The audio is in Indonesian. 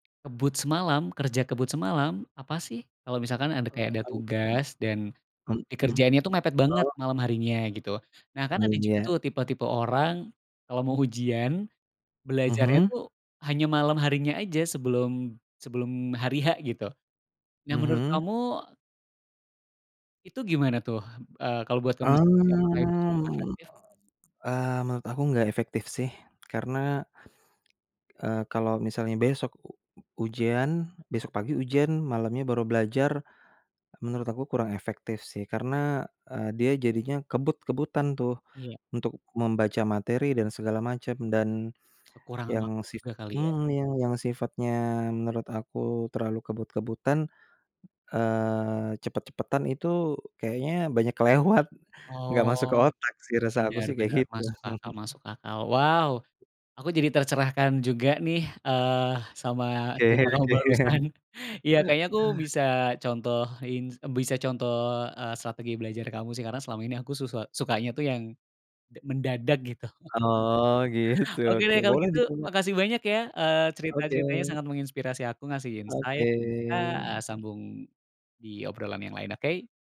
Kebut semalam, kerja kebut semalam, apa sih. Kalo misalkan ada kayak ada Mhm. tugas dan Mhm, dikerjainnya tuh mepet banget, oh. malam harinya gitu. Nah, kan Oh ada juga ya. tuh tipe-tipe orang kalo mau ujian, belajarnya Mhm. tuh hanya malam harinya aja, sebelum sebelum hari H gitu. Nah, menurut Mhm. kamu itu gimana tuh eee, kalau buat kamu sendiri apakah itu cukup Mmm, efektif? eee, menurut aku enggak efektif sih karena eee, kalau misalnya besok ujian, besok pagi ujian, malamnya baru belajar, menurut aku kurang efektif sih karena eee, dia jadinya kebut-kebutan tuh, Iya. untuk membaca materi dan segala macam dan Kekurangan yang waktu sif juga kali ya. mhm, yang sifatnya menurut aku terlalu kebut-kebutan, eee, cepet-cepetan itu kayaknya banyak kelewat enggak masuk ke Oh, otak sih, rasa aku benar sih kayak benar gitu. masuk akal masuk akal. Wow, aku jadi tercerahkan juga nih eee, sama Oke cerita kamu barusan. oke. Ya kayaknya aku bisa contohin bisa contoh eee, strategi belajar kamu sih, karena selama ini aku susa sukanya tuh yang d mendadak gitu. Oh gitu Oke oke, deh kalau boleh gitu, dicoba. makasih banyak ya, eee, Oke. cerita-ceritanya sangat menginspirasi aku, ngasih Oke. insight. Heeh sambung di obrolan yang lain, oke.